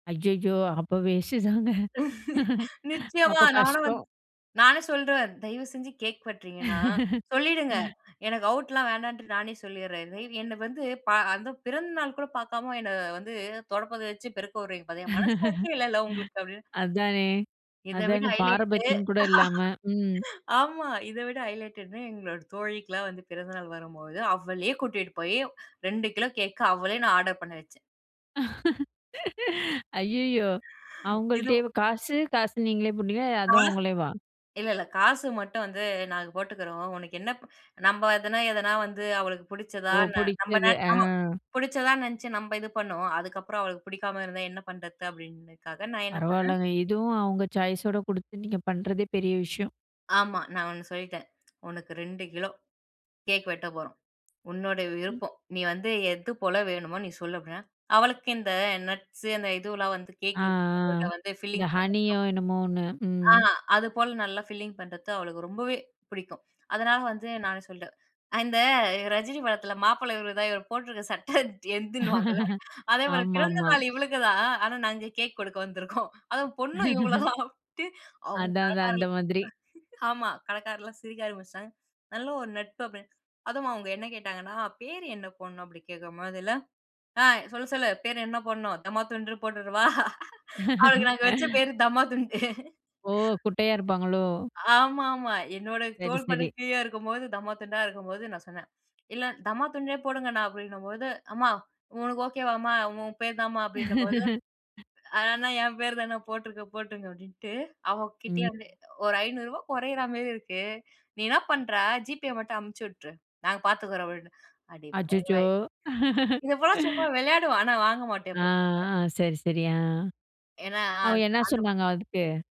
அய்யயோ! அப்ப வேஸ்ட்டு தாங்க நிச்சயமா அப்போ நானும் வந்து, கஷ்டம். நானே சொல்றேன். தயவு செஞ்சு கேக் வெட்றீங்கன்னா சொல்லிடுங்க. எனக்கு அவுட்லாம் வேண்டான்டு நானே சொல்லிட்றேன் [unintelligible] என்ன வந்து ப அந்த பிறந்த நாள்கூட பாக்காம, என்ன வந்து தொடைப்பத்த வச்சு பெருக்க விடுறீங்க பாத்தீங்களா! மனசாட்சியே இல்லல உங்களுக்கு அப்பிடின்னு. அதானே, இதை விட அதானே! ஹைலைட்டு பாரபட்சம் கூட இல்லாம, ம். ஆமா இதை விட ஹைலைட்டு என்னன்னா எங்களோட தோழிக்கலாம் வந்து பிறந்தநாள் வரும்போது அவளே கூட்டிட்டு போயி 2 கிலோ கேக்க அவளே நான் ஆர்டர் பண்ண வச்சேன். ஐயய்யோ! அவுங்கள்ட்டயே இதும் வ காசு! காசு நீங்களே போட்டீங்களா, [unintelligible] ஆ, அதும் அவுங்களே வா! இல்ல, இல்ல. காசு மட்டும் வந்து நாங்க போட்டுக்குறோம், உனக்கு என்னப் நம்ப அதுனா, எதுனா வந்து அவளுக்கு புடிச்சதா, ஓ ந நம்ப நா புடிச்சது, ஆ. ஆமா பிடிச்சதான் நெனச்சு நம்ப இது பண்ணோம். அதுக்கப்புறம் அவளுக்கு பிடிக்காம இருந்தா என்ன பண்றது அப்பிடின்றதுக்காக நான் என்ன பண்ணேன் பரவால்லங்க. இதுவும் அவுங்க சாய்ஸ் ஓட குடுத்து நீங்க பண்றதே பெரிய விஷயம். ஆமா, நான் 1 சொல்லிட்டேன். உனக்கு 2 கிலோ கேக் வெட்டப் போறோம். உன்னோட ம். விருப்பம், நீ வந்து எதுபோல வேணுமோ நீ சொல்லு அப்பிடின்னா, அவளுக்கு இந்த நட்ஸ் அந்த இதுவெல்லாம் வந்து ஆ, ஆ கேக்கு [unintelligible] வந்து இந்த ஃபில்லிங் பண்ண ஹனியோ என்னமோ 1 [unintelligible] ஆ, ம். அது போல நல்லா ஃபில்லிங் பண்றது அவளுக்கு ரொம்பவே பிடிக்கும். அதனால வந்து நானே சொல்லிட்டேன் அந்த ரஜினி படத்தில, மாப்பிள்ளை இவரு தான் இவரு போட்ருக்க சட்டை என்துன்னு வாங்கல்ல அதேபோல பிறந்த ஆமாமா. நாள் இவளுக்கு தான் ஆனா நாங்க கேக் கொடுக்க வந்துருக்கோம். அதுவும் பொண்ணும் இவுங்கள தான் அப்பிடின்ட்டு, அவுங்க அதான். அதான் அந்த கடைக்காரர்கள் மாதிரி. ஆமா, கடைக்காரர்லாம் சிரிக்க ஆரம்பிச்சுட்டாங்க, நல்ல ஒரு நட்பு அப்பிடின்னு. அதுவும் அவுங்க என்ன கேட்டாங்கன்னா, அ, பேரு என்ன போடணும் அப்பிடி கேட்கும்போதில்ல, ஆ, "சொல்லு, சொல்லு, பேரு என்ன போட்ணும் 'தம்மா துண்டுன்னு' போட்ருறவா?" அவளுக்கு நாங்க வச்ச பேரு தம்மா துண்டு ஓ! குட்டையா இருப்பாங்களோ? ஆமாமா, என்னோட சரி, சரி. தோல்பட்டக்கு கீழ இருக்கும்போது தம்மா துண்டா இருக்கும்போது நான் சொன்னேன், "இல்ல தம்மா துண்டுண்ணே போடுங்கண்ணா" அப்பிடின்னம்போது, "அம்மா உனக்கு ஓகேவாம்மா, உன் பேர் தாம்மா அப்பிடின்னும்போது. அ, அண்ணா! என் பேரு தாண்ணா! போட்ருங்க, போட்ருங்க!" அப்பிடின்ட்டு அவுங்க கிட்டயே ம். வந்து, "ஒரு ரூ.500 கொறயிறமாரி இருக்கு நீ என்னா பண்ற ஜிபே மட்டும் அனுப்புச்சு விட்ரு. நாங்க பாத்துக்குறோம்" அப்பிடின்னு, அச்சச்சோ! அடிப்பாவிங்களா! இத போலாம் சும்மா விளையாடுவேன். ஆனா வாங்க மாட்டேன் ஆ, அப்போ [unintelligible] ஆ சரி, சரி. ஆ ஏன்னா அவுங்க அந் என்னா அந்த பொண்ணு சொன்னாங்க அதுக்கு?